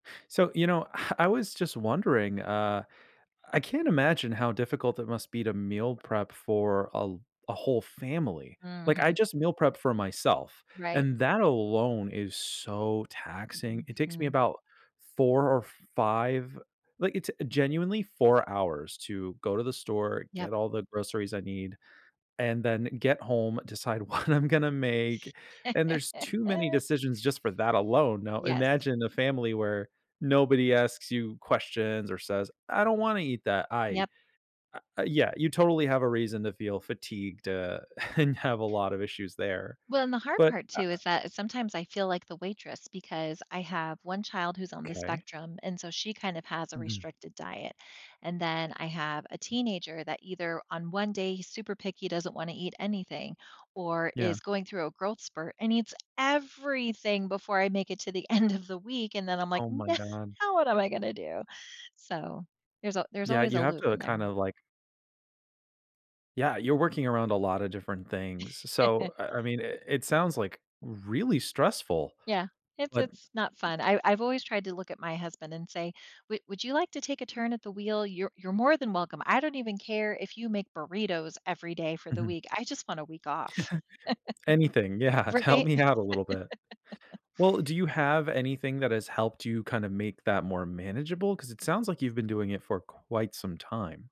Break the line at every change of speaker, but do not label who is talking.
So, you know, ah, I was just wondering, uh, I can't imagine how difficult it must be to meal prep for a l a whole family, like, I
Mhm.
just meal prep for myself,
Right.
and that alone is so taxing. It takes me
Mhm.
about 4 or 5, like, it's genuinely 4 hours to go to the store,
Yep.
get all the groceries I need, and then get home, decide what I'm gonna make, and there's too many decisions just for that alone. Now
Yes.
imagine a family where nobody asks you questions or says, "I don't wanna eat that. I"
Yep.
uh, uh, yeah, you totally have a reason to feel fatigued, uh, and have a lot of issues there.
Well, and the hard
But,
part,
uh
too,
uh
is that is sometimes I feel like the waitress, because I have 1 child who's on the
Okay.
spectrum, and so she kind of has a
Mhm.
restricted diet. And then, I have a teenager, that either on one day, he's super picky, doesn't wanna eat anything, or
Yeah.
is going through a growth spurt and eats everything before I make it to the end of the week, and then I'm like,
Oh my god.
“Now, what am I gonna do?" So, there's a there's
Yeah,
always
you
a
have
loop in
to
there.
kinda, like Yeah, you're working around a lotta different things, s so, uh, I mean, i it sounds, like, really stressful,
Yeah, it's
but
it's not fun, I I've always tried to look at my husband and say, "W would you like to take a turn at the wheel? You're you're more than welcome. I don't even care if you make burritos every day for the
Mhm.
week, I just want a week off."
Anything. Yeah, "T help
Right?
me out a little bit." Well, do you have anything that has helped you kinda make that more manageable? 'Cause it sounds like you've been doing it for quite some time.